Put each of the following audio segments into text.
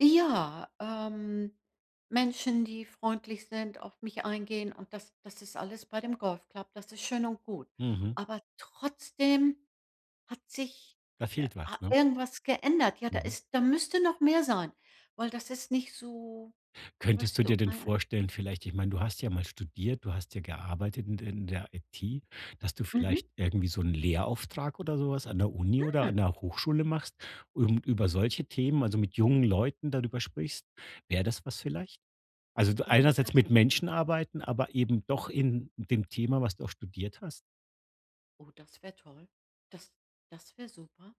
Ja, ähm, Menschen, die freundlich sind, auf mich eingehen und das das ist alles bei dem Golfclub, das ist schön und gut. Mhm. Aber trotzdem hat sich, Da äh, fehlt was, ha ne? irgendwas geändert. Ja, da Mhm. ist da müsste noch mehr sein, weil das ist nicht so, Könntest weißt du dir du, denn äh vorstellen vielleicht ich meine, du hast ja mal studiert, du hast ja gearbeitet in der in der IT, dass du Mhm. vielleicht irgendwie so 'n Lehrauftrag oder so was an der Uni oder Hm. an der Hochschule machst und über solche Themen also, mit jungen Leuten darüber sprichst, wäre das was vielleicht? Also, Oh, das einerseits mit Menschen arbeiten, aber eben doch in dem Thema, was du auch studiert hast? Oh, das wäre toll. Das das wäre super.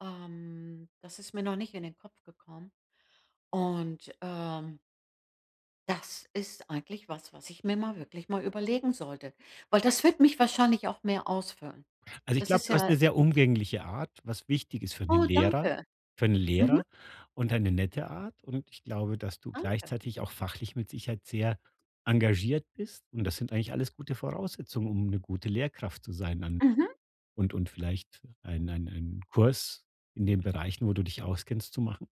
Ähm, das ist mir noch nicht in den Kopf gekommen. Und, ähm das ist eigentlich was, was ich mir mal wirklich mal überlegen sollte, weil das wird mich wahrscheinlich auch mehr ausfüllen. Also, ich Das glaube, ist du hast ja 'ne sehr umgängliche Art, was wichtig ist für 'n Oh, Lehrer danke. für 'n Mhm. Lehrer und eine nette Art. Und ich glaube, dass du Danke. gleichzeitig auch fachlich mit Sicherheit sehr engagiert bist. Und das sind eigentlich alles gute Voraussetzungen, um 'ne gute Lehrkraft zu sein dann Mhm. und und vielleicht ein ein ein Kurs in den Bereichen, wo du dich auskennst, zu machen.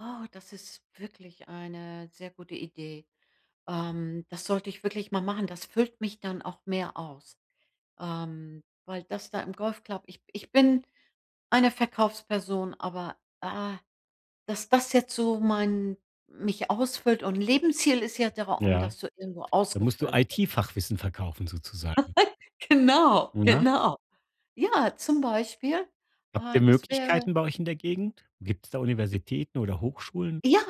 Oh, das ist wirklich eine sehr gute Idee. Ähm, das sollte ich wirklich mal machen. Das füllt mich dann auch mehr aus, ähm, weil das da im Golfclub ich ich bin eine Verkaufsperson, aber, ah, dass das jetzt so mein mich ausfüllt und Lebensziel ist ja der Raum, Ja, dass du irgendwo da musst du ausgefüllt bi IT-Fachwissen verkaufen sozusagen. Genau, Na. genau. Ja, zum Beispiel, Habt äh, ihr das wäre Möglichkeiten bei euch in der Gegend? Gibt's da Universitäten oder Hochschulen? Ja,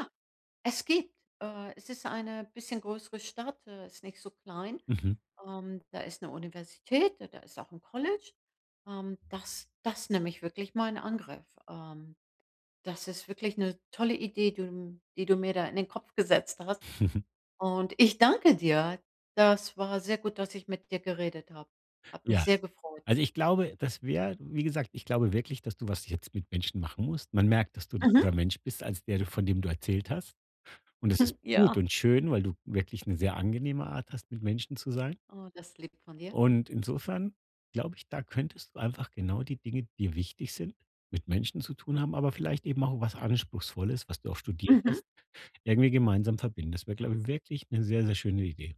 es gibt, äh es ist eine bisschen größere Stadt, äh, ist nicht so klein. Mhm. Ähm, da ist 'ne Universität, da da ist auch 'n College. Ähm, das das nehme ich wirklich mal in Angriff, ähm. Das ist wirklich 'ne tolle Idee, die, hm die du mir da in den Kopf gesetzt hast. Und ich danke dir. Das war sehr gut, dass ich mit dir geredet habe. Hat mich Ja. sehr gefreut. Also, ich glaube, das wäre wie gesagt, ich glaube wirklich, dass du was jetzt mit Menschen machen musst. Man merkt, dass du 'n Mhm. anderer Mensch bist, als der du von dem du erzählt hast. Und es Hm, ist ja. gut und schön, weil du wirklich 'ne sehr angenehme Art hast, mit Menschen zu sein. Oh, das lieb von dir. Und insofern glaube ich, da könntest du einfach genau die Dinge, die wichtig sind, mit Menschen zu tun haben, aber vielleicht eben auch was Anspruchsvolles, was du auch studiert Mhm. hast, irgendwie gemeinsam verbindest. Weil glaube ich, wirklich 'ne sehr, sehr schöne Idee.